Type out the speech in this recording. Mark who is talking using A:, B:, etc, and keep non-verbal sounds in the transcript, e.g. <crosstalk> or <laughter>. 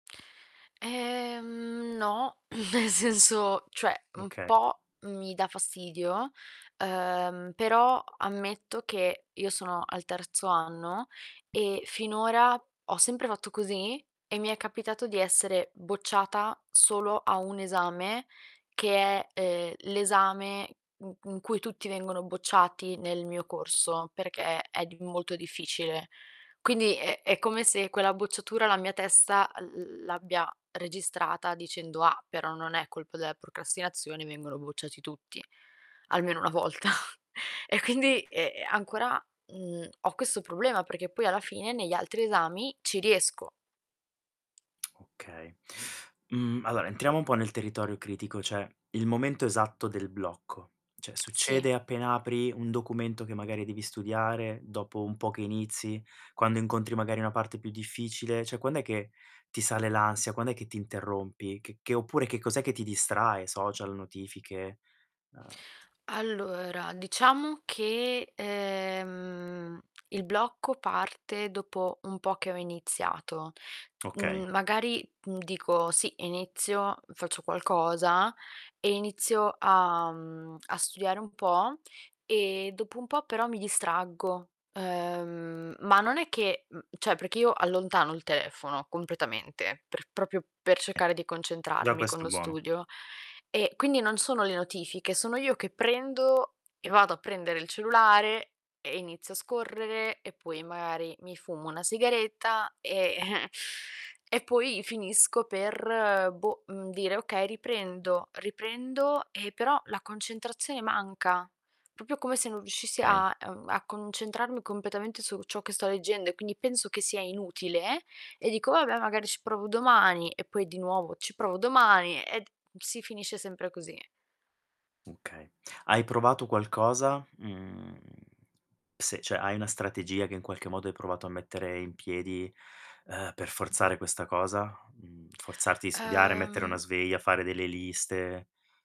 A: Ehm, no, nel senso, cioè un
B: Oka
A: po' mi dà fastidio, ehm, però ammetto che io sono al terzo anno e finora ho sempre fatto così e mi è capitato di essere bocciata solo a 1 esame che è, ehm, l'esame in in cui tutti vengono bocciati nel mio corso perché è di molto difficile. Quindi è è come se quella bocciatura la mia testa l l l'abbia registrata, dicendo: "Ah, però non è colpa della procrastinazione, vengono bocciati tutti almeno 1 volta". E quindi, ehm, ancora, mhmm, ho questo problema perché poi alla fine negli altri esami ci riesco.
B: Okay. Mhmm, allora, entriamo un po' nel territorio critico, cioè il momento esatto del blocco. Cioè
A: Sì.
B: succede appena apri un documento che magari devi studiare, dopo un po' che inizi, quando incontri magari una parte più difficile, cioè quand'è che ti sale l'ansia, quand'è che ti interrompi? Che che oppure che cos'è che ti distrae? Social, notifiche? Uhm
A: Allora diciam che, ehm, il blocco parte dopo un po' che ho iniziato.
B: Okay.
A: Mhmm, magari, mhmm, dico: "Sì, inizio, faccio qualcosa" e inizio a mhmm, a studiare un po' e dopo un po' però mi distraggo. Uhm, ma non è che mhmm, cioè perché io allontano il telefono completamente, per proprio per
B: Eh,
A: cercare di
B: già
A: concentrarmi con
B: questo è
A: lo
B: buono.
A: studio. E quindi non sono le notifiche, sono io che prendo e vado a prendere il cellulare e inizio a scorrere e poi magari mi fumo una sigaretta e <chuckles> e poi finisco per, boh, mhmm, dire: "Okay, riprendo." Riprendo e però la concentrazione manca, proprio come se non riuscissi
B: Okay.
A: a uhm, a concentrarmi completamente su ciò che sto leggendo e quindi penso che sia inutile e dico: "Vabbè, magari ci provo domani" e poi di nuovo, ci provo domani e d si finisce sempre così.
B: Okay. Hai provato qualcosa? Mhmm, se cioè hai una strategia che, in qualche modo, hai provato a mettere in piedi, uhm, per forzare questa cosa? Mhmm, forzarti a studiare, mettere una
A: Uhm
B: sveglia, fare delle liste?